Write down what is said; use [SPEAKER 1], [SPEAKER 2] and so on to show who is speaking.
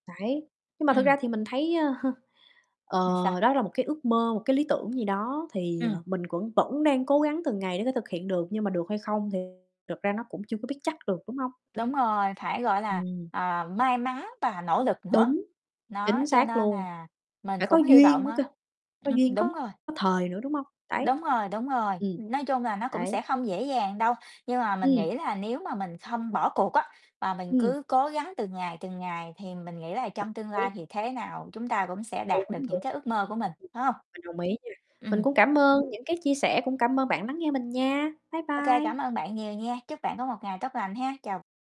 [SPEAKER 1] Đấy, nhưng mà thực
[SPEAKER 2] Ừm.
[SPEAKER 1] ra thì mình thấy, ơ, ờ,
[SPEAKER 2] Ừm, sao?
[SPEAKER 1] đó là một cái ước mơ, một cái lý tưởng gì đó. Thì,
[SPEAKER 2] Ừm.
[SPEAKER 1] ờ, mình cũng vẫn đang cố gắng từng ngày để thể thực hiện được, nhưng mà được hay không thì thực ra nó cũng chưa có biết chắc được, đúng hông?
[SPEAKER 2] Đúng rồi, phải, gọi là,
[SPEAKER 1] Ừm.
[SPEAKER 2] ờ, may mắn và nỗ lực nữa.
[SPEAKER 1] Đúng,
[SPEAKER 2] Nó,
[SPEAKER 1] chính
[SPEAKER 2] cho
[SPEAKER 1] xác
[SPEAKER 2] nên
[SPEAKER 1] luôn.
[SPEAKER 2] là mình
[SPEAKER 1] Phải có
[SPEAKER 2] cũng hy
[SPEAKER 1] duyên
[SPEAKER 2] vọng
[SPEAKER 1] nữa
[SPEAKER 2] á.
[SPEAKER 1] cơ, có
[SPEAKER 2] Ừm,
[SPEAKER 1] duyên
[SPEAKER 2] đúng
[SPEAKER 1] có
[SPEAKER 2] rồi.
[SPEAKER 1] thời nữa, đúng hông? Đấy.
[SPEAKER 2] Đúng rồi, đúng rồi.
[SPEAKER 1] Ừm.
[SPEAKER 2] Nói chung là nó cũng sẽ
[SPEAKER 1] Đấy.
[SPEAKER 2] không dễ dàng đâu. Nhưng mà mình
[SPEAKER 1] Ừm.
[SPEAKER 2] nghĩ là nếu mà mình không bỏ cuộc á, và mình
[SPEAKER 1] Ừm.
[SPEAKER 2] cứ cố gắng từng ngày, từng ngày, thì mình nghĩ là trong tương lai
[SPEAKER 1] Đấy.
[SPEAKER 2] thì thế nào chúng ta cũng sẽ
[SPEAKER 1] Đúng,
[SPEAKER 2] đạt được những
[SPEAKER 1] đúng. Ừm.
[SPEAKER 2] cái ước mơ của mình, phải hông?
[SPEAKER 1] Mình đồng ý nha. Mình
[SPEAKER 2] Ừm.
[SPEAKER 1] cũng cảm ơn những cái chia sẻ, cũng cảm ơn bạn lắng nghe mình nha. Bye
[SPEAKER 2] OK, cảm
[SPEAKER 1] bye.
[SPEAKER 2] ơn bạn nhiều nha. Chúc bạn có một ngày tốt lành ha. Chào.